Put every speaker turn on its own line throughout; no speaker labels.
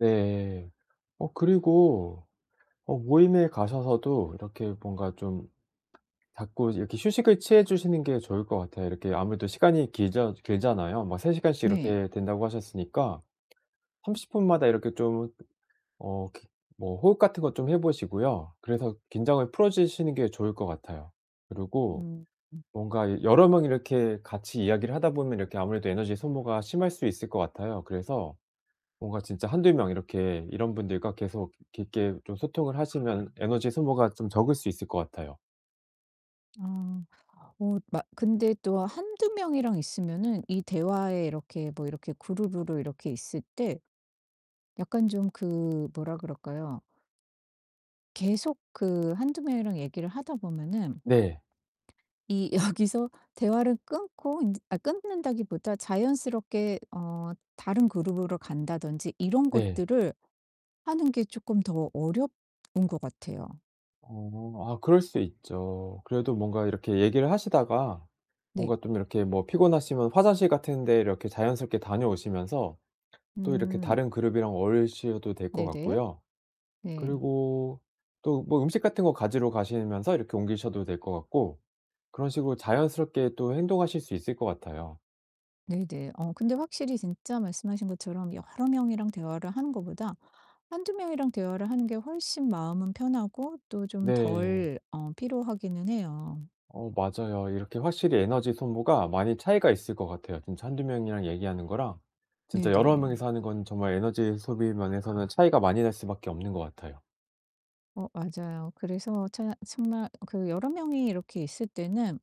네. 어 그리고 어 모임에 가셔서도 이렇게 뭔가 좀 자꾸 이렇게 휴식을 취해 주시는 게 좋을 것 같아요. 이렇게 아무래도 시간이 길잖 길잖아요. 막 3 시간씩
네.
이렇게 된다고 하셨으니까. 30 분마다 이렇게 좀 어 [unintelligible] 뭐 호흡 같은 것 좀 해 보시고요. 그래서 긴장을 풀어주시는 게 좋을 것 같아요. 그리고
음. 음.
뭔가 여러 명 이렇게 같이 이야기를 하다 보면 이렇게 아무래도 에너지 소모가 심할 수 있을 것 같아요. 그래서 뭔가 진짜 1-2 명 이렇게 이런 분들과 계속 깊게 좀 소통을 하시면 에너지 소모가 좀 적을 수 있을 것 같아요.
아 어 막 근데 또 1-2 명이랑 있으면은 이 대화에 이렇게 뭐 이렇게 그룹으로 이렇게 있을 때 약간 좀 그 뭐라 그럴까요? 계속 그 1-2 명이랑 얘기를 하다 보면은
네.
이 여기서 대화를 끊고 인제 아 끊는다기보다 자연스럽게 어 다른 그룹으로 간다든지 이런
네.
것들을 하는 게 조끔 더 어려운 것 같아요.
어. 아 그럴 수 있죠. 그래도 뭔가 이렇게 얘기를 하시다가
네.
뭔가 좀 이렇게 뭐 피곤하시면 화장실 같은 데 이렇게 자연스럽게 다녀오시면서 또 이렇게
음.
다른 그룹이랑 어울리셔도 될 것
네네.
같고요.
네.
그리고 또 뭐 음식 같은 거 가지러 가시면서 이렇게 옮기셔도 될 것 같고. 그런 식으로 자연스럽게 또 행동하실 수 있을 것 같아요.
네네. 어 근데 확실히 진짜 말씀하신 것처럼 여러 명이랑 대화를 하는 것보다 1-2 명이랑 대화를 하는 게 훨씬 마음은 편하고 또 좀
네.
덜 어 피로하기는 해요.
어 맞아요. 이렇게 확실히 에너지 소모가 많이 차이가 있을 것 같아요. 진짜 1-2 명이랑 얘기하는 거랑.
네
진짜 여러
네.
명이서 하는 거는 정말 에너지 소비 면에서는 차이가 많이 날 수밖에 없는 것 같아요.
어 맞아요. 그래서 차 참말 그 여러 명이 이렇게 있을 때는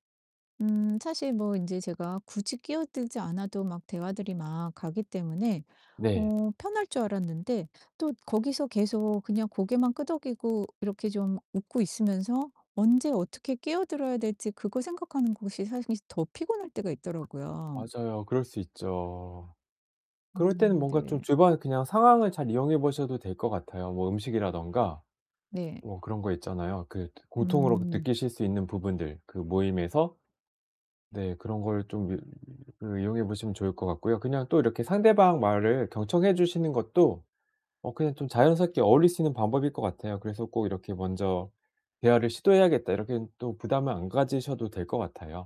음 사실 뭐 인제 제가 굳이 끼어들지 않아도 막 대화들이 막 가기 때문에
네.
어 편할 줄 알았는데 또 거기서 계속 그냥 고개만 끄덕이고 이렇게 좀 웃고 있으면서 언제 어떻게 끼어들어야 될지 그거 생각하는 곳이 사실 더 피곤할 때가 있더라고요.
맞아요. 그럴 수 있죠. 그럴 때는
음
뭔가 좀
네.
주변 그냥 상황을 잘 이용해보셔도 될 것 같아요. 뭐 음식이라든가
네.
뭐 그런 거 있잖아요. 그 고통으로 그
음.
느끼실 수 있는 부분들 그 모임에서? 네 그런 걸 좀 이 이용해 보시면 좋을 것 같고요. 그냥 또 이렇게 상대방 말을 경청해 주시는 것도 어 그냥 좀 자연스럽게 어울릴 수 있는 방법일 것 같아요. 그래서 꼭 이렇게 '먼저 대화를 시도해야겠다.' 이렇게 또 부담을 안 가지셔도 될 것 같아요.